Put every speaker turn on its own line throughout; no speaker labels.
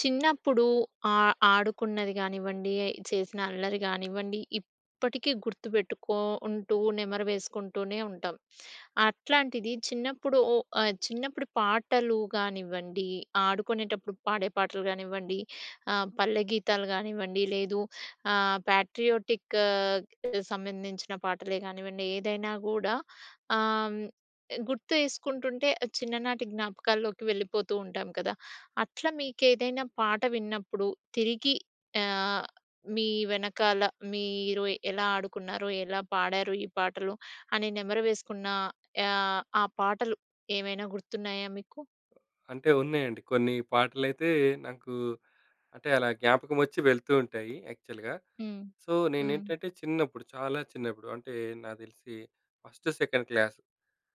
చిన్నప్పుడు ఆహ్, ఆడుకున్నది కానివ్వండి, చేసిన అల్లరి గానివ్వండి, ఇప్పటికి గుర్తుపెట్టుకో ఉంటూ, నెమరు వేసుకుంటూనే ఉంటం. అట్లాంటిది చిన్నప్పుడు ఓహ్! ఆహ్, చిన్నప్పుడు పాటలు గానివ్వండి, ఆడుకునేటప్పుడు పాడే పాటలు గానివ్వండి, ఆహ్, పల్లె గీతాలు గానివ్వండి. లేదు, ఆహ్, పాట్రియోటిక్ ఆహ్, ఎ సంబంధించిన పాటలే గానివ్వండి. ఏదైనా గూడా, ఆహ్, హ్మ్, ఎ గుర్తు చేసుకుంటుంటే చిన్ననాటి జ్ఞాపకాల్లోకి వెళ్ళిపోతూ ఉంటాం కదా! అట్ల మీకేదైనా పాట విన్నప్పుడు, తిరిగి ఆహ్, మీ వెనకాల మీరు ఎలా ఆడుకున్నారో, ఎలా పాడారు ఈ పాటలు, అని నెమరు వేసుకున్న ఆహ్, ఆ పాటలు ఏవైనా గుర్తున్నాయా మీకు?
అంటే ఉన్నాయండి. కొన్ని పాటలైతే, నాకు అంటే అలా జ్ఞాపకమొచ్చి వెళ్తూ ఉంటాయి యాక్చువల్‌గా.
హ్మ్,
సో,
హ్మ్.
నేనేంటంటే చిన్నప్పుడు, చాలా చిన్నప్పుడు అంటే, నా దెలిసి first second class,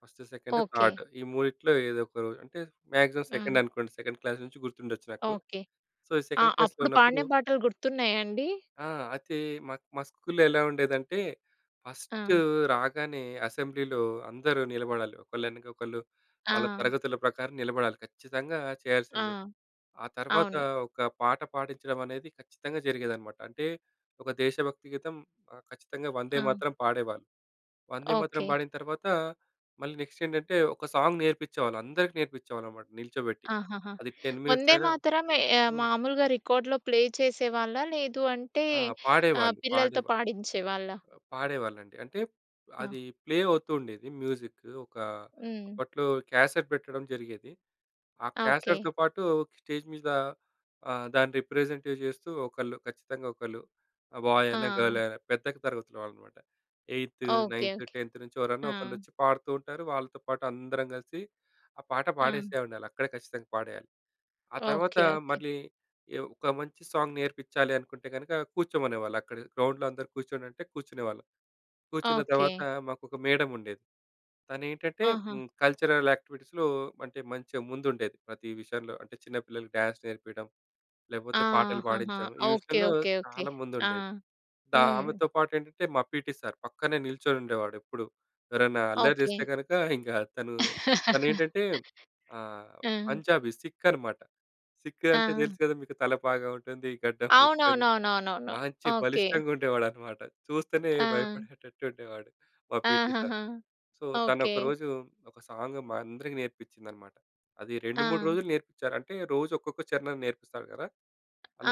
first, second,
okay.
థాడ్. ఈ మూడిట్లో ఏదొకో అంటే, మాక్సిమం
హ్మ్.
సెకండ్ అనుకోండి. సెకండ్ క్లాస్ నుంచి గుర్తుండచ్చు నాకు.
ఓకే.
సో, ఈ
ఆ!
సెకండ్ క్లాస్‌లో
అప్పుడు
ఉన్నప్పుడు
పాడిన పాటలు గుర్తున్నాయా అండి?
ఆ! ఐతే మాక్ మా స్కూల్‌లో ఎలా ఉండేదంటే, ఫస్టు
ఆ!
రాగానే అసెంబ్లీలో అందరూ నిలబడాలి. ఒకళ్ళెనక ఒకళ్ళు, వాళ్ళ
ఆ!
తరగతుల ప్రకారం నిలబడాలి. ఖచ్చితంగా
ఆ!
చేయాల్సిందే. ఆ తర్వాత,
అవును.
ఒక పాట పాడించడమనేది ఖచ్చితంగా జరిగేదనమాట. అంటే, ఒక దేశభక్తి గీతం, ఆహ్, ఖచ్చితంగా
ఆ!
'వందేమాతరం' పాడేవాళ్ళు. 'వందేమాతరం'
ఓకే.
బాడిన తర్వాత, మళ్ళీ నెక్స్ట్ ఏంటంటే, ఒక సాంగ్ నేర్పించేవాళ్ళు. అందరికి నేర్పించేవాళ్ళనమాట నిల్చోబెట్టి.
ఆహహా!
అది 10 మినిట్స్ అయినా
'వందేమాతరం' ఎ ఆహ్,
హ్మ్.
మామూలుగా రికార్డ్‌లో ప్లే చేసేవాళ్ళా? లేదు అంటే,
ఆ!
ఆహ్,
పాడేవాళ్ళు.
పిల్లలతో
పాడేవాళ్ళు.
పాడించేవాళ్ళా?
అ పాడేవాళ్ళండి. అంటే
ఆ!
అది ప్లే అవుతూ ఉండేది మ్యూజిక్. ఒక
హ్మ్.
అప్పట్లో క్యాసెట్ పెట్టడం జరిగేది. ఆ
ఆ! ఓకే.
క్యాసెట్‌తో పాటు స్టేజ్ మీద ఆహ్, దాన్ని రిప్రజెంటే చేస్తూ, ఒకళ్ళు ఖచ్చితంగా ఒకళ్ళు ఆహ్, బాయ్ అయినా, గర్ల్
ఆ!
అయినా పెద్దకి తరగతుల వాళ్ళు మాట. Eighth,
okay.
Ninth,
okay.
10థ్ నుంచి ఎవరన్నా
ఆ!
ఒకళ్ళొచ్చి పాడుతూ ఉంటారు. వాళ్ళతో పాటు అందరం కలిసి, ఆ పాట
ఆ!
పాడేసే ఉండాలి. అక్కడే ఖచ్చితంగా పాడేయాలి. ఆ తర్వాత
ఓకే. ఓకే.
మళ్ళీ ఎ ఒక మంచి సాంగ్ నేర్పిచ్చాలి అనుకుంటే గనక, కూర్చోమనేవాళ్ళక్కడ. గ్రౌండ్‌లో అందరూ కూర్చోండంటే, కూర్చునేవాళ్ళం. కూర్చున్న తర్వాత
ఓకే.
మాకొక మేడమ్ ఉండేది. తనేంటంటే,
ఆహా!
హ్మ్, కల్చరల్ యాక్టివిటీస్‌లో అంటే మంచిగ ముందుండేది. ప్రతి విషయంలో అంటే చిన్న పిల్లలకి డ్యాన్స్ నేర్పియడం, లేపోతే పాటలు
ఆహహా!
పాడించడం, ఈ
ఓకే.
విషయంలో
ఓకే. ఓకే.
చాలా
ఆ!
ముందుండేది. చా
హ్మ్.
ఆమెతో పాటేంటంటే, మా పీటీ సార్, పక్కనే నిల్చొనుండేవాడెప్పుడూ. ఎవరైనా అల్లరి
ఓకే.
చేస్తే కనక, ఇంక తను తనేంటంటే, ఆహ్,
ఆ!
పంజాబీ, సిక్కనమాట. సిక్కు అంటే
ఆ!
తెలుసు కదా మీకు! తల పాగా ఉంటుంది. గడ్డం పెట్టుకొని
అవునవునవునవునవును.
మాంచి
ఓకే.
బలిష్టంగా ఉండేవాడనమాట. చూస్తేనే
ఆ!
భయపడేటట్టుండేవాడు మా పీటీ సార్.
ఆహహా!
So,
okay.
తనొకరోజు ఒక సాంగ్ మా అందరికీ నేర్పించిందనమాట. అది 2, 3
ఆ!
రోజులు నేర్పిచ్చారు. అంటే రోజొక్కొక్క చరణం నేర్పిస్తాడు కదా!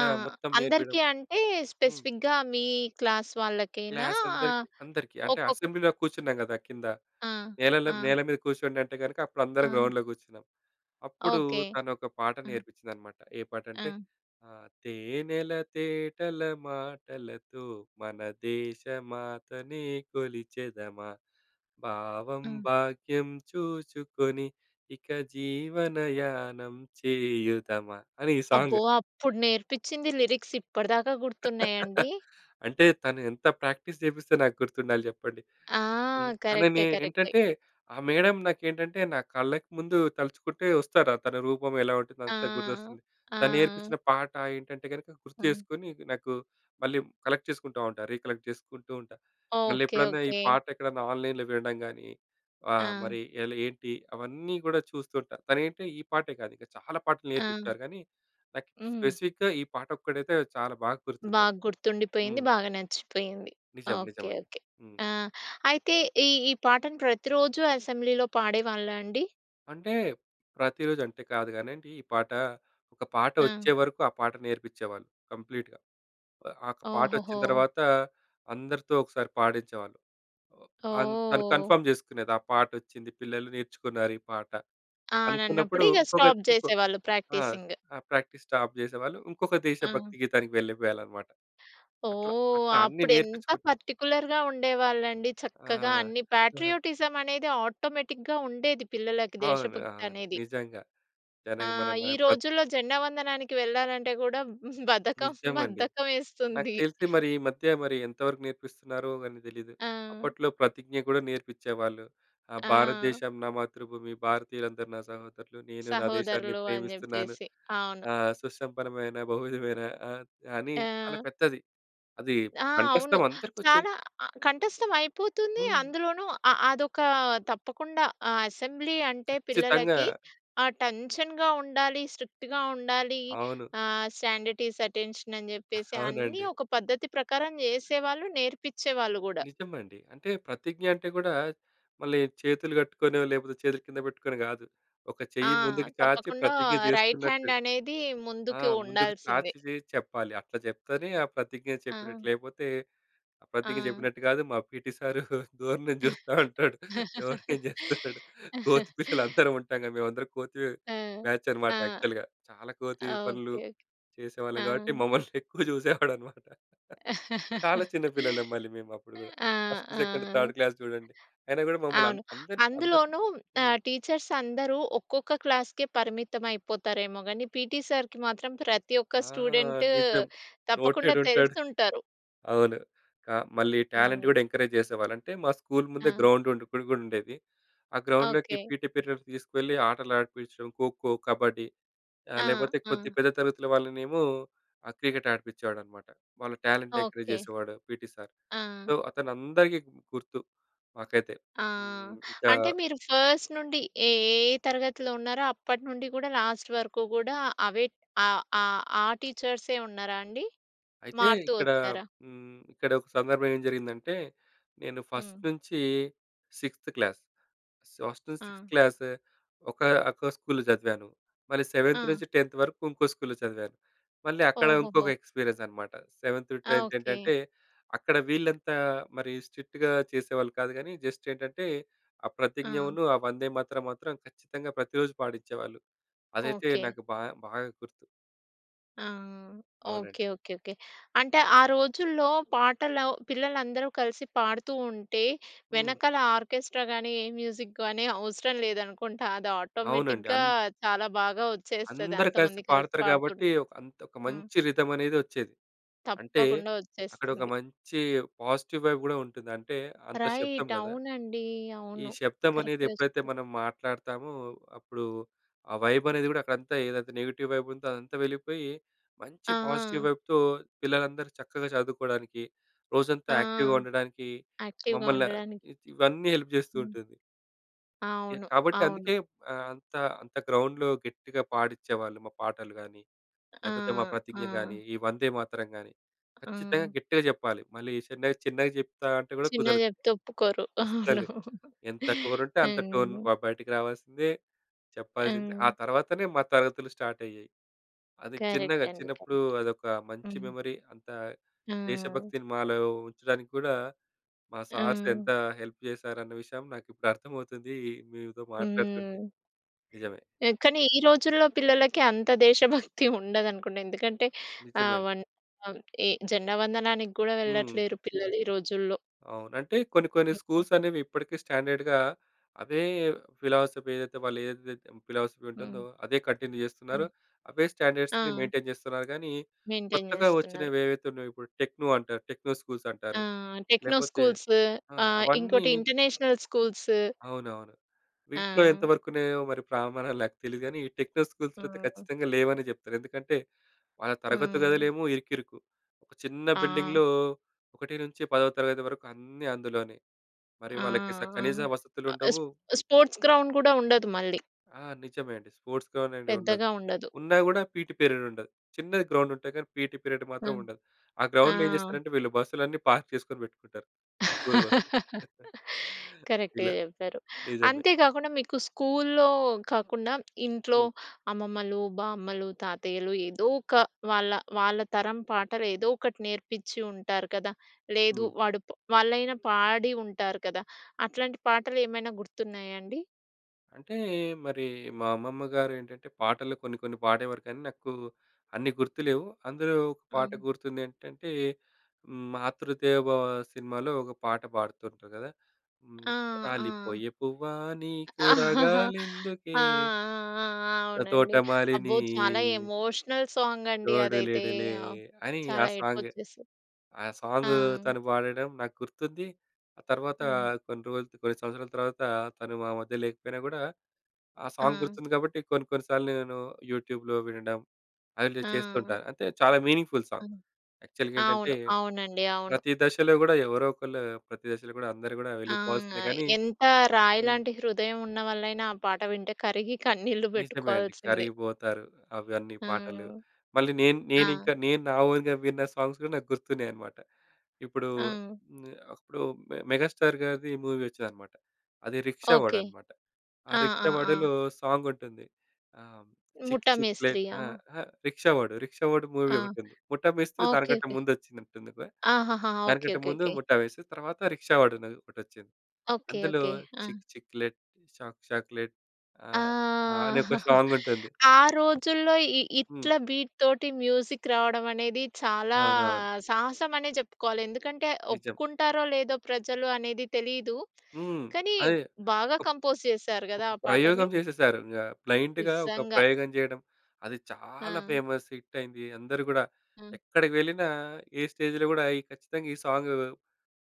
ఆ!
మొత్తం నేర్పియడం
అందరికి అంటే,
హ్మ్.
స్పెసిఫిక్‌గా మీ క్లాస్ వాళ్ళకేనా ?ఆహ్,
క్లాసందరికీ, అందరికీ. అంటే
ఒకొక్
అసెంబ్లీలో కూర్చున్నాం గదా! కింద.
ఆ!
నేలలం
ఆ!
నేల మీద కూసోండంటే గనక, అప్పుడు అందరం
ఆ!
గ్రౌండ్‌లో కూర్చున్నాం. అప్పుడు
ఓకే.
తనొక పాట
హ్మ్.
నేర్పించిందనమాట. ఏ పాటంటే,
ఆ!
ఆహ్, తేనెల తేటల మాటలతో, మన దేశ మాతని కొలిచెదమా. భావం
హ్మ్.
భాగ్యం చూసుకొని, ఇక జీవనయానం చేయుదమా. అని ఈ సాంగ్.
అబ్బో! అప్పుడు నేర్పించింది లిరిక్స్ ఇప్పటిదాకా గుర్తున్నాయాండి?
అంటే, తను ఎంత ప్రాక్టీస్ చేపిస్తే, నాకు గుర్తుండాలి జెప్పండి!
ఆ!
హ్మ్.
కరెక్టే.
తనని
కరెక్టే.
ఏంటంటే, ఆ మేడం నాకేంటంటే నా కళ్ళకి ముందు తలుచుకుంటే వస్తారు. తన రూపం ఎలా ఉంటుందో,
ఆ!
అంతా గుర్తొస్తుంది. తను
ఆ!
నేర్పించిన పాట ఏంటంటే గనక గుర్తు
హ్మ్.
చేసుకొని, నాకు మళ్ళీ కలెక్ట్ చేసుకుంట ఉంటా. రీకలెక్ట్ జేసుకుంటూ ఉంటా.
ఓకే.
మళ్ళెప్పుడన్నా ఈ
ఓకే.
పాటెక్కడన్నా ఆన్లైన్‌లో వినడం గానీ, ఆహ్,
ఆ!
మరి ఎలా, ఏంటి, అవన్నీ గూడా చూస్తుంటా. తనైతే ఈ పాటే కాదు, ఇంకా చాలా పాటలు
ఆ!
నేర్పిచ్చారు. గానీ, నాకి
హ్మ్.
స్పెసిఫిక్‌గా ఈ పాటొక్కటైతే, చాలా బాగ
బాగ
గుర్తుందండి.
గుర్తుండిపోయింది.
హ్మ్.
బాగా నచ్చిపోయింది. ఆ!
నిజం.
ఓకే.
నిజమండి.
ఓకే.
హ్మ్.
ఆ! అయితే ఈ ఈ పాటను ప్రతిరోజు అసెంబ్లీ‌లో పాడేవాళ్ళా అండి?
అంటే ప్రతిరోజు అంటే కాదు కానండి ఈ పాట. ఒక పాట
ఆ!
వచ్చేవరకు ఆ పాట నేర్పిచ్ఛేవాళ్ళు కంప్లీట్‌గా. ఆ ఒక పాట వచ్చిన
ఓహోహో!
తర్వాత అందరితో ఒకసారి పాడిచ్ఛేవాళ్ళు. ఆ తన్ తను
ఓహ్!
కన్ఫర్మ్ చేసుకునేది ఆ పాటొచ్చింది పిల్లలు నేర్చుకున్నారు ఈ పాట.
ఆ!
అనుకున్నప్పుడు
అన్నప్పుడు ఇగ
ఇంకొక
స్టాప్
ఇంకో
చేసేవాళ్ళు
ఆ!
ప్రాక్టీసింగ్.
ఆ! ప్రాక్టీస్ స్టాప్ చేసేవాళ్ళు. ఇంకొక
ఆ!
దేశభక్తి గీతానికి వెళ్లిపోయాలన్నమాట. అట్లా
ఓహ్!
అట్లా అన్నీ
అప్పుడు ఎంత
నేర్పించుకుంటు
పార్టిక్యులర్‌గా ఉండేవాళ్ళండి. చక్కగా
ఆ!
అన్ని పేట్రియోటిజం అనేది ఆటోమేటిక్‌గా ఉండేది. పిల్లలకి
అవునండి.
దేశభక్తి
అవును
అనేది.
నిజంగా.
ఆ!
దానికి మన మన
ఈ
ప్ర
రోజుల్లో జెండా వందనానికి వెళ్ళాలంటే కూడా బద్ధకం,
నిజమండి.
బద్ధకం
నాకు
వేస్తుంది.
తెలిసి మరి ఈ మధ్య మరి ఎంత వరకు నేర్పిస్తున్నారో కాని తెలీదు.
ఆ!
అప్పట్లో ప్రతిజ్ఞ కూడా నేర్పిచ్ఛేవాళ్ళు. ఆ!
ఆ!
"భారతదేశం నా మాతృభూమి భారతీయులందరూ నా సహోదరులు నేను నా దేశాన్ని
సహోదరులు అని
ప్రేమిస్తున్నాను
చెప్పేసి. అవును.
ఆహ్, సుసంపన్నమైన బహువిధమైన", ఆహ్, అని చాలా
ఆ!
పెద్దది. అది
ఆ! అవును.
కంఠస్థం అందరికి వచ్ఛేది.
చాలా అ కంఠస్తం అయిపోతుంది.
హ్మ్.
అందులోనూ అ అదొక తప్పకుండా అసెంబ్లీ అంటే
ఖచ్చితంగా.
పిల్లలకి ఆ టెన్షన్‌గ ఉండాలి, స్ట్రిక్ట్‌గా ఉండాలి,
అవును.
ఆహ్, స్టాండ్‌టీజ్, అటెన్షన్ అని చెప్పేసి అన్నీ
అవునండి.
ఒక పద్ధతి ప్రకారం చేసేవాళ్ళు నేర్పిచేవాళ్ళు కూడా.
నిజమండి. అంటే ప్రతిజ్ఞ అంటే కూడా మళ్ళీ చేతులు కట్టుకోనో లేకపోతే చేతులు కింద పెట్టుకొని కాదు. ఒక
ఆ!
చెయ్యి ముందుకు చాచి
తప్పకుండా
ప్రతిజ్ఞ
రైట్
చేస్తున్నట్టు.
హాండ్ అనేది
ఆ!
ముందుకు
ముందుకు
ఉండాల్సిందే.
చాచి చేసి చెప్పాలి. అట్లా చెప్తేనే ఆ ప్రతిజ్ఞ చెప్పినట్లు.
ఆ!
లేపోతే ప్రతిజ్ఞ
ఆ!
చెప్పినట్టు కాదు. మా పీటీ సారు దూరం నుంచి చూస్తా ఉంటాడు. ఎవరు ఏం చేస్తున్నాడు. కోతి పిల్లలు అందరం ఉంటాం కదా! మేమందరం కోతి
ఆ!
బ్యాచ్
ఆ!
అన్నమాట యాక్చువల్‌గా. చాలా కోతి పనులు
ఓకే. ఓకే.
చేసేవాళ్ళం.
ఆ!
కాబట్టి మమ్మల్ని ఎక్కువ చూసేవాడు అన్నమాట. చాలా చిన్న పిల్లలం మళ్ళీ మేము అప్పుడు కూడా
ఆ!
ఫస్ట్, సెకండ్, థర్డ్
ఆ!
క్లాస్ చూడండి. అయినా కూడా మమ్మల్ని అం
అవును.
అందరి‌‌ని, అందరి‌‌ని
అందులోనూ
హ్మ్.
ఆహ్, టీచర్స్ అందరూ ఒక్కొక్క క్లాస్‌కే పరిమితమైపోతారేమో గాని. పీటీ సర్‌కి మాత్రం ప్రతి
ఆ!
ఒక్క స్టూడెంటు
నిజం నోటేడ్
తప్పకుండా
ఉంటాడు.
తెలుసుంటారు.
అవును క మళ్ళీ టాలెంట్
హ్మ్.
కూడా ఎంకరేజ్ చేసేవాళ్ళు. అంటే మా స్కూల్ ముందే
ఆ!
గ్రౌండ్ ఉండే ఇప్పుడు కూడా ఉండేది. ఆ గ్రౌండ్‌లోకి
ఓకే.
పీటీ పీరియడ్ తీసుకువెళ్ళి ఆటలు ఆడిపించడం. ఖోఖో, కబడ్డీ, ఆహ్,
ఆ!
లేకపోతే కొద్ది
ఆ!
పెద్ద తరగతుల వాళ్ళనేమో ఆ క్రికెట్ ఆడిపిచేవాడు అన్నమాట. వాళ్ళ టాలెంట్‌ని ఎంకరేజ్
ఓకే.
చేసేవాడు పీటీ సర్. సో
ఆ!
అతన అందరికీ గు గుర్తు మాకైతే.
ఆ!
హ్మ్. ఇంకా
అంటే మీరు ఫస్ట్ నుండి ఏ, ఏ, ఏ తరగతిలో ఉన్నారో అప్పటి నుండి కూడా లాస్ట్ వరకు కూడా అవే ఆ, ఆ, ఆ టీచర్సే ఉన్నారా అండి?
అయితే
మారుతూ
ఇక్కడ
వచ్చారా?
హ్మ్, ఇక్కడ ఒక సందర్భం ఏం జరిగిందంటే. నేను ఫస్ట్
హ్మ్.
నుంచి 6త్ క్లాస్, ఫస్ట్ నుంచి
ఆ!
6త్ క్లాస్ ఒక, ఒక స్కూల్‌లో చదివాను. మళ్ళీ 7త్
ఆ!
నుంచి 10త్ వరకు ఇంకో స్కూల్‌లో చదివాను. మళ్ళీ అక్కడ ఇంకొక
ఓహోహో!
ఎక్స్‌పీరియన్స్ అన్నమాట. 7త్ టూ
ఆ!
10త్
ఓకే.
ఏంటంటే అక్కడ వీళ్ళంతా మరి స్ట్రిక్ట్‌గా చేసేవాళ్ళు కాదు. కానీ జస్ట్ ఏంటంటే ఆ
ఆ!
ప్రతిజ్ఞను ఆ వందేమాతరం మాత్రం ఖచ్చితంగా ప్రతిరోజూ పాడించేవాళ్ళు. అదైతే
ఓకే.
నాకు బాగా, బాగా గుర్తు.
ఆ! ఓకె,
అవునండి.
Okay, okay. అంటే ఆ రోజుల్లో పాటలు పిల్లలందరూ కలిసి పాడుతూ ఉంటే
హ్మ్.
వెనకాల ఆర్కెస్ట్రాగాని ఏ మ్యూజిక్‌గాని అవసరం లేదనుకుంటా. అది
అవునండి.
ఆటోమేటిక్‌గా
అన్
చాలా బాగా వచ్చేస్తది
అందరూ కలిసి
అంతమంది కలిసి
పాడుతరు కాబట్టి
పాడుతుంటే.
ఒక అంత్
హ్మ్.
మంచి రిథమ్ అనేదొచ్చేది. అంటే
తప్పకుండా
అక్కడ ఒక
వచ్చేస్తుంది.
మంచి పాజిటివ్ వైబ్ గూడా ఉంటుంది. అంటే అంత శబ్దం
రైట్.
కదా!
అవునండి.
ఈ
అవును.
శబ్దమనేది
కరెక్ట్‌గా
ఎప్పుడైతే
చెప్పారు.
మనం మాట్లాడతామో అప్పుడూ ఆ వైబ్ అనేది గూడా అక్కడ అంతే, ఏదైతే నెగెటివ్ వైబ్ ఉందో అదంతా వెళ్ళిపోయి, మంచి పాజిటివ్
ఆహ్!
వైబ్‌తో పిల్లలందరూ చక్కగా చదువుకోడానికి రోజంతా
ఆ!
యాక్టివ్‌గా ఉండడానికీ
యాక్టివ్‌గా
మమ్మల్ని
ఉండడానికి.
ఇవన్నీ హెల్ప్ జేస్తూ
హ్మ్.
ఉంటుంది. ఎ
అవును.
కాబట్టి
అవును.
అందుకే ఆహ్, అంత, అంత గ్రౌండ్‌లో గట్టిగా పాడిచ్చేవాళ్ళు. మా పాటలు గాని,
ఆ!
లేపోతే మా ప్రతిజ్ఞ
ఆ!
గాని, ఈ వందేమాతరం గాని, ఖచ్చితంగా
ఆ!
గట్టిగా చెప్పాలి. మళ్ళీ చిన్న చిన్నగా జెప్తా అంటే కూడా
చిన్నగ
కుదరదు.
జెప్తే ఒప్పుకోరు. అవును.
అస్సలు. ఎంత టోనుంటే అంత టోన్
హ్మ్.
బ బయటికి రావాల్సిందే. చెప్పాల్సిందే. ఆ
హ్మ్.
తర్వాతనే మా తరగతులు స్టార్ట్ అయ్యేయి. అది
కరెక్ట్
చిన్నగా
అండి.
చిన్నప్పుడు
కరెక్ట్.
అదొక మంచి
హ్మ్.
మెమరీ. అంత
ఆ!
దేశభక్తిని మాలో ఉంచడానికి కూడా మా సార్స్
ఆ!
ఎంత హెల్ప్ జేశారన్న విషయం నాకు ఇప్పుడర్థమవుతుందీ. మీతో మాట్లాడుతుంటే.
హ్మ్.
నిజమే!
పె కాని, ఈ రోజుల్లో పిల్లలకి అంత దేశభక్తి ఉండదనుకుంటా. ఎందుకంటే ఆహ్,
నిజమే.
వన్ ఆహ్, ఎ జెండా వందనానికి గూడా
హ్మ్.
వెళ్ళట్లేరు పిల్లలు ఈ రోజుల్లో.
అవును. అంటే కొన్ని, కొన్ని స్కూల్స్‌ అనేవి ఇప్పడికి స్టాండర్డ్‌గా అవే ఫిలాసఫీ ఏదైతే, వాళ్ళు ఏదైతే ఫిలాసఫీ ఉంటుందో
హ్మ్.
అదే కంటిన్యూ చేస్తున్నారు.
హ్మ్.
అవే స్టాండర్డ్స్‌ని
ఆ!
మెయిన్‌టైన్ జేస్తున్నారు గానీ
మెయిన్‌టైన్
కొత్తగా
జేస్తున్నారు.
వచ్చినవి ఏవైతే ఉన్నాయో ఇప్పుడు టెక్నో అంటారు. టెక్నో స్కూల్స్
ఆ!
అంటారు.
టెక్నో
లేకపోతే
స్కూల్సూ
ఆ!
ఆహ్,
అవన్నీ
ఇంకోటి ఇంటర్నేషనల్ స్కూల్సూ.
అవునవును. వీటిలో
ఆ!
ఎంతవరకు ఉన్నాయో మరి ప్రామాణాలు నాకు తెలిదు గానీ ఈ టెక్నో స్కూల్స్‌లో అయితే
ఆ!
ఖచ్చితంగా లేవనే జెప్తాను. ఎందుకంటే వాళ్ళ తరగతి
ఆ!
గదులేమో ఇరుకిరుకు. ఒక చిన్న
ఆ!
బిల్డింగ్‌లో ఒకటి నుంచి 10 వరకు అన్నీ అందులోనే. మరి
ఆ!
వాళ్ళకి స కనీస
ఆ!
వసతులుండవు.
స్పో స్పోర్ట్స్ గ్రౌండ్ గూడా ఉండదు మళ్ళీ.
ఆ! నిజమే అండి. స్పోర్ట్స్ గ్రౌండ్ అనేదుండదు.
పెద్దగా ఉండదు.
ఉన్నా గూడా పీటీ పీరియడ్ ఉండదు. చిన్నది గ్రౌండ్ ఉంటాయి గానీ పీటీ పీరియడ్
హ్మ్.
మాత్రముండదు. ఆ గ్రౌండ్‌లో ఏం
ఆ!
చేస్తారంటే వీళ్ళు బస్సులన్నీ పార్క్ చేసుకొని పెట్టుకుంటారు స్కూల్ బస్‌లు.
కరెక్ట్‌గా
ఇలా,
చెప్పారు.
నిజమే.
అంతే గాకుండా మీకు స్కూల్లో కాకుండా ఇంట్లో
హ్మ్.
అమ్మమ్మలు, బామ్మలు, తాతయ్యలు ఏదో ఒక వాళ్ళ, వాళ్ళ తరం పాటలు ఏదోకటి నేర్పిచ్చి ఉంటారు కదా! లేదు.
హ్మ్.
వాడు ప్ వాళ్ళైనా పాడి ఉంటారు కదా! అట్లాంటి పాటలేమైనా గుర్తున్నాయా అండి?
అంటే మరి మా అమ్మమ్మ గారు ఏంటంటే పాటలు కొన్ని కొన్ని పాడేవారు కానీ నాకు అన్ని గుర్తులేవు. అందులో ఒక పాట
ఆ!
గుర్తుంది ఏంటంటే హ్మ్, 'మాతృదేవొభవ' సినిమాలో ఒక పాట పాడుతుంటారు కదా! హ్మ్.
ఆ! ఆ!
రాలిపోయే పువ్వా నీకు
ఆ!
రగాలెందుకే
ఆ! ఆ!
ఆహ్,
అవునండి.
తోటమాలిని
అబ్బో! చాలా ఎమోషనల్ సాంగండి
తోడు
అదైతే.
లేడులే
ఆహ్,
అని ఆ
చాలా ఏడుపు
సాంగ్
వచ్చేసింది
ఆ
ఆ!
సాంగూ తను పాడడం నాకు గుర్తుంది. ఆ తర్వాత
హ్మ్.
కొన్ని రోజులు కొన్ని సంవత్సరాల తర్వాత తను మా మధ్య లేకపోయినా కూడా ఆ సాంగ్
ఆ!
గుర్తుంది. గాబట్టి కొన్ని కొన్ని సార్లు నేను యూట్యూబ్‌లో వినడం అవి నేను
ఆ!
చేస్తుంటాను. అంటే చాలా మీనింగ్‌ఫుల్
ఆ!
సాంగ్ యాక్చువల్‌గా
అవును.
ఏంటంటే
అవునండి. అవును.
ప్రతి దశలో కూడా ఎవరో ఒకళ్ళు ప్రతి దశలో కూడా అందరూ కూడా
ఆ!
వెళ్ళిపోవాల్సిందే గానీ,
ఎంత రాయి
హ్మ్.
లాంటి హృదయం ఉన్నవల్లైనా ఆ పాట వింటే కరిగి కన్నీళ్లు
నిజమే అండి.
పెట్టుకోవాల్సిందే
కరిగిపోతారు అవన్నీ
ఆ!
పాటలు. మళ్ళీ నేను నేను
అ!
ఇంకా నేను నా ఓన్‌గా విన్న సాంగ్స్ కూడా నాకు గుర్తున్నాయి అన్నమాట. ఇప్పుడు
ఆ!
మె అప్పుడు మె మెగాస్టార్ గారిది మూవీ వచ్చిందన్నమాట. అది రిక్షా వాడు
ఓకే.
అన్నమాట. ఆ
ఆ!
రిక్షా
ఆ! ఆ!
వాడులో సాంగ్ ఉంటుంది. ఆహ్, చిక్ చిక్ ప్లేట్
ముఠామేస్త్రీ.
ఆ!
ఆ?
అహ్! రిక్షా వాడు రిక్షా వాడు
ఆ!
మూవీ ఒకటి ఉంది. ముఠా మేస్త్రి
ఓకే.
దానికంటే
ఓకే.
ముందు వచ్చిందంటుంది గా!
ఆహాహా! ఓకే,
దానికంటే
ఓకే,
ముందు
ఓకే.
ముఠా మేస్త్రి తర్వాత రిక్షా వాడు అని ఒకటొచ్చింది
ఓకే,
అందులో
ఓకే. ఆ!
చిక్ చిక్లెట్ షాక్ చాక్లెట్
ఆ!
ఆహ్, అని ఒక సాంగ్ ఉంటుంది.
ఆ రోజుల్లో ఇ ఇట్ల
హ్మ్.
బీట్ తోటి మ్యూజిక్ రావడం అనేది చాలా
అవునవును.
సాహసం అనే చెప్పుకోవాలి ఎందుకంటే
నిజం.
ఒప్పుకుంటారో లేదో ప్రజలు అనేది తెలీదు.
హ్మ్.
కనీ
అదే.
బాగా
ఒక్
కంపోజ్ చేసారు గదా!
ఒక
ఆ పాటని?
ప్రయోగం చేసేసారు. యాహ్! బ్లైండ్‌గా ఒక
నిజంగా.
ప్రయోగం చేయడం అది చాలా
ఆ!
ఫేమస్ హిట్ అయింది. అందరూ గూడా
అ!
ఎక్కడికి వెళ్ళినా ఏ స్టేజ్‌లో గూడా ఖచ్చితంగా ఈ సాంగ్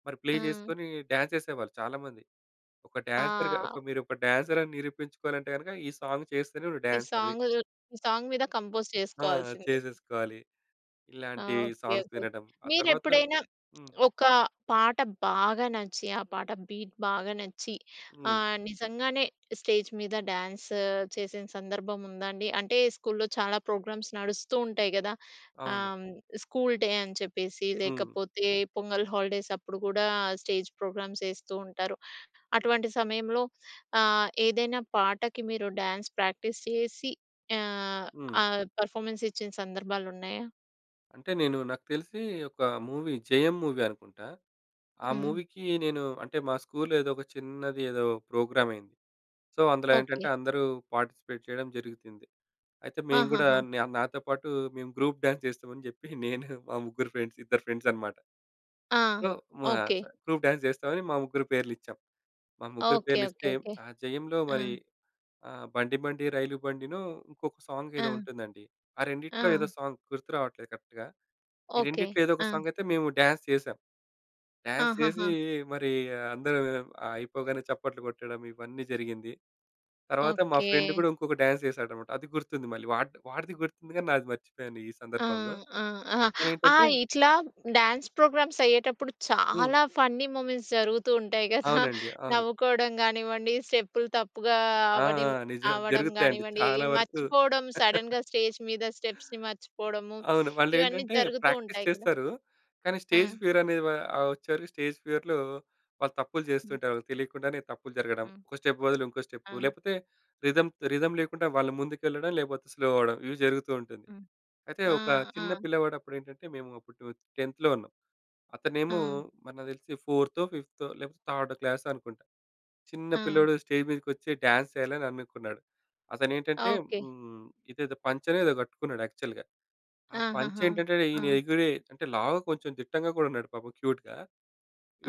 మరి ప్లే
ఆ!
చేసుకొని డాన్స్ చేసేవాళ్ళు చాలామంది. ఒక డాన్సర్‌గా
ఆ!
మీరు ఒక డాన్సర్ అని నిరూపించుకోవాలంటే గనుక ఈ సాంగ్ చేస్తేనే
ఈ
డాన్సర్‌వి
సాంగు సాంగ్ మీద కంపోజ్
ఆ!
చేసుకోవాల్సింది.
చేసేసుకోవాలి
ఆ!
ఇలాంటి
ఓకే.
Songs
okay.
వినడం. ఆ
మీరు
తర్వాత
ఎప్పుడైనా
హ్మ్.
ఒక పాట బాగా నచ్చి ఆ పాట బీట్ బాగా నచ్చి
హ్మ్.
ఆహ్, నిజంగానే స్టేజ్ మీద డ్యాన్స్ చేసిన సందర్భం ఉందా అండి? అంటే స్కూల్‌లో చాలా ప్రోగ్రామ్స్ నడుస్తూ ఉంటాయి గదా!
అవును.
ఆహ్, స్కూల్‌డే అని చెప్పేసి
హ్మ్.
లేకపోతే పొంగల్ హాలిడేస్ అప్పుడు కూడా స్టేజ్ ప్రోగ్రామ్స్ ఎస్తూంటారు. అటువంటి సమయంలో ఆహ్, ఏదైనా పాటకి మీరు డ్యాన్స్ ప్రాక్టీస్ చేసి ఆహ్,
హ్మ్.
ఆ! పర్‌ఫమెన్స్ ఇచ్చిన సందర్భాలున్నాయా?
అంటే నేను నాకు తెలిసీ ఒక మూవీ జయం మూవీ అనుకుంటా. ఆ
హ్మ్.
మూవీకీ నేను అంటే మా స్కూల్‌లో ఏదో ఒక చిన్నది ఏదో ప్రోగ్రామ్ అయ్యింది. సో అందులో
ఓకే.
ఏంటంటే అందరూ పార్‌టిసిపేట్ చేయడం జరిగుతుంది. అయితే మేము గూడా
ఆహాహా!
న్యామ్ నాతో పాటు మేము గ్రూప్ డాన్స్ చేస్తాం అని చెప్పి నేను మా ముగ్గురు ఫ్రెండ్స్, ఇద్దరు ఫ్రెండ్స్ అనమాట.
ఆ!
So
okay.
మాసా గ్రూప్ డాన్స్ చేస్తామని మా ముగ్గురు పేర్లు ఇచ్చాం. మా ముగ్గురు
ఓకె.
పేర్లు
ఓకె.
ఇస్తే
ఓకె.
ఆ జయంలో మరి
హ్మ్.
ఆహ్, 'బండి బండి రైలు' బండిను, ఇంకొక సాంగ్ ఏదో
ఆ!
ఉంటుందండి. ఆ రెండిట్లో ఏదో
ఆ!
సాంగ్ గుర్తురావట్లేదు కరెక్ట్‌గా. ఈ
ఓకె.
రెండిట్లో ఏదో ఒక
ఆ!
సాంగయితే మేము డాన్స్ చేసాం. డాన్స్ చేసీ
ఆహాహా!
మరి [unintelligible] అయిపోగానే చప్పట్లు కొట్టడం ఇవన్నీ జరిగింది. తరువాత మా ఫ్రెండ్
ఓకే.
కూడా ఇంకొక డాన్స్ చేసాడనమాట. అది గుర్తుంది మళ్ళీ. వాడ్ వాడిది గుర్తుంది గాని నాది మర్చిపోయాను. ఈ
ఆ!
సందర్భంలో
ఆ! అహా!
అతను
ఆ
ఏంటంటే
ఇట్లా డ్యాన్స్ ప్రోగ్రామ్స్ అయ్యేటప్పుడు
హ్మ్.
చాలా ఫన్నీ మూమెంట్స్ జరుగుతూ ఉంటాయి గదా!
అవునండి. అవును.
నవ్వుకోవడం గానివ్వండి స్టెప్పులు తప్పుగా
ఆ!
అవ్వనివ్
నిజం.
అవ్వడం
జరుగుతాయండి.
గానివ్వండి.
చాలా వరకు
మర్చిపోవడం సడెన్‌గా స్టేజ్ మీద స్టెప్స్‌ని మర్చిపోవడము
అవును. వాళ్ళు
ఇవన్నీ
ఏంటంటే
జరుగుతూ
ప్రాక్టీస్
ఉంటాయి కదా!
చేస్తారు. కానీ స్టేజ్
ఆ!
ఫియర్ అనే వా ఆహ్, వచ్చారు. స్టేజ్ ఫియర్‌లో వాళ్ళు తప్పులు
హ్మ్.
జేస్తుంటారు. వాళ్ళకి తెలియకుండానే తప్పులు జరగడం.
హ్మ్.
ఒక స్టెప్ బదులు ఇంకో స్టెపు.
ఆ!
లేపోతే రిథమ్ రిథమ్ లేకుండా వాళ్ళు ముందుకెళ్లడం లేకపోతే స్లో అవ్వడం ఇవి జరుగుతూ ఉంటుంది.
హ్మ్.
అయితే
ఆ!
ఒక
ఆ!
చిన్న పిల్లవాడు అప్పుడు ఏంటంటే మేము అప్పుడు 12త్ టెన్త్‌లో ఉన్నాం. అతనేమో
ఆ!
మరి నాకు తెలిసి ఫోర్తో ఫిఫ్తో లేకపోతే థర్డ్ క్లాస్ అనుకుంటా. చిన్న
ఆ!
పిల్లోడు స్టేజ్ మీదకి వచ్చి డ్యాన్స్ చేయాలని అనుకున్నాడు. అతను ఏంటంటే
ఓకే.
హ్మ్. ఇదేదో పంచనో ఏదో గట్టుకున్నాడు యాక్చువల్‌గా. ఆ పంచా
ఆహాహా!
ఏంటంటేనీ
ఆ!
ఈని ఎగిరే అంటే లావు కొంచెం దిట్టంగా కూడా ఉన్నాడు పాపం క్యూట్‌గా.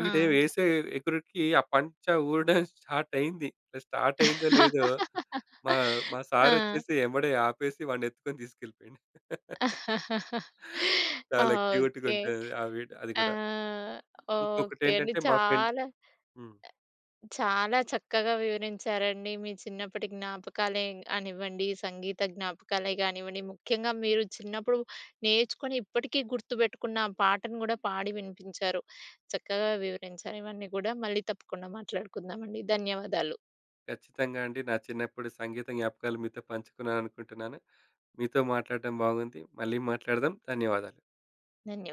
వీడు వేసే ఎగురిడికి ఆ పంచ ఊడడం స్టార్ట్ అయింది. స్టార్ట్ అయిందో లేదో మా మా సార్
ఆ!
వచ్చేసి ఎంబడే ఆపేసి వాడిని ఎత్తుకొని తీసుకెళ్ళిపోయిండు. చాలా క్యూట్‌గా
ఓకే.
ఉంటది. ఆ విడ్ అది
ఆ!
కూడా. ఇంకొకటి
ఓకే అండి.
ఏంటంటే మా ఫ్రెండ్
చాలా
హ్మ్.
చాలా చక్కగా వివరించారండి. మీ చిన్నప్పటి జ్ఞాపకాలే గానివ్వండి, సంగీత జ్ఞాపకాలే గానివ్వండి. ముఖ్యంగా మీరు చిన్నప్పుడు నేర్చుకుని ఇప్పటికీ గుర్తుపెట్టుకున్న పాటను గూడా పాడి వినిపించారు. చక్కగా వివరించారు. ఇవన్నీ గూడా మళ్ళీ తప్పకుండా మాట్లాడుకుందామండి. ధన్యవాదాలు.
కచ్చితంగా అండి. నా చిన్నప్పుడు సంగీత జ్ఞాపకాలు మీతో పంచుకున్నాను అనుకుంటున్నాను. మీతో మాట్లాడటం బాగుంది. మళ్ళీ మాట్లాడదాం. ధన్యవాదాలు.
ధన్య